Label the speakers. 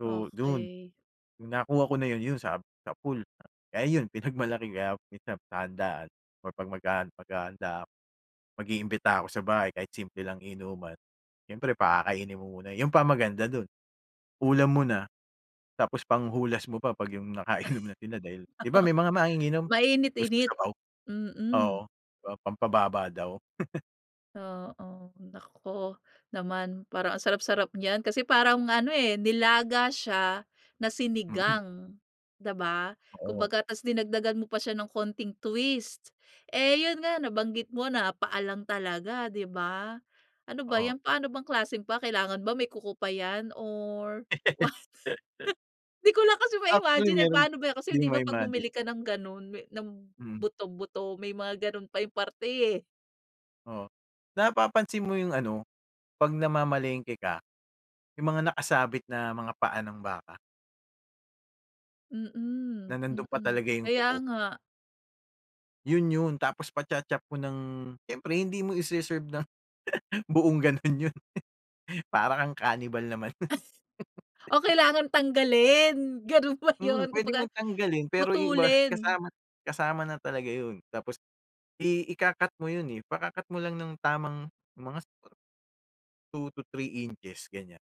Speaker 1: So, do'n.
Speaker 2: Okey.
Speaker 1: No'ng nakuha ko na 'yon, yun sa sapul. Kaya yun, pinagmalaki [unintelligible] sa handaan or 'pag maghahan maghahanda ako. Mag-iimbita ako sa bahay, kahit simple lang inuman. Siyempre pakakainin mo muna yun pa ang maganda do'n, ulam mo na, tapos panghulas mo pa, 'pag yung nakainom na sila dahil 'di ba may mga manginginom gusto
Speaker 2: Mainit-init.
Speaker 1: sabaw? Oo,
Speaker 2: Mm.
Speaker 1: pam pampababa daw.
Speaker 2: Oo. Naku, naman. Parang ang sarap-sarap niyan kasi parang ano eh, nilaga siya na
Speaker 1: Hmm.
Speaker 2: sinigang, 'di ba.
Speaker 1: Oh.
Speaker 2: Kumbaga tapos dinagdagan mo pa siya ng konting twist. Eh, yun nga, nabanggit mo na paa lang talaga, di ba. Ano ba
Speaker 1: Oo.
Speaker 2: yan? Paano bang klaseng paa? Kailangan ba may kuko pa yan, or what? Di ko lang kasi
Speaker 1: Actually
Speaker 2: ma-imagine eh.
Speaker 1: mayro'ng
Speaker 2: Paano ba yan? Kasi
Speaker 1: 'di
Speaker 2: di ba, 'pag
Speaker 1: ma-imagine.
Speaker 2: bumili ka ng ganun, may ng
Speaker 1: Mm.
Speaker 2: buto-buto, may mga ganun pa yung parte eh.
Speaker 1: Oo. Napapansin mo yung ano, 'pag namamalengke ka, yung mga nakasabit na mga paa ng baka na
Speaker 2: Mm,
Speaker 1: nando'n pa
Speaker 2: mm.
Speaker 1: talaga yung
Speaker 2: Kaya
Speaker 1: kuko?
Speaker 2: nga.
Speaker 1: Yun yun, tapos pacha-chop mo ng siyempre hindi mo ise-serve nang buong gano'n yun. Para kang cannibal naman no'n.
Speaker 2: O kailangan tanggalin? Ganun ba
Speaker 1: Mm,
Speaker 2: yun?
Speaker 1: pwede
Speaker 2: Kumbaga,
Speaker 1: mong tanggalin pero yung iba
Speaker 2: putulin?
Speaker 1: kasama kasama na talaga yun. Tapos i ika-cut mo yun eh, ipaka-cut mo lang ng tamang mga su 2 to 3 inches ganyan.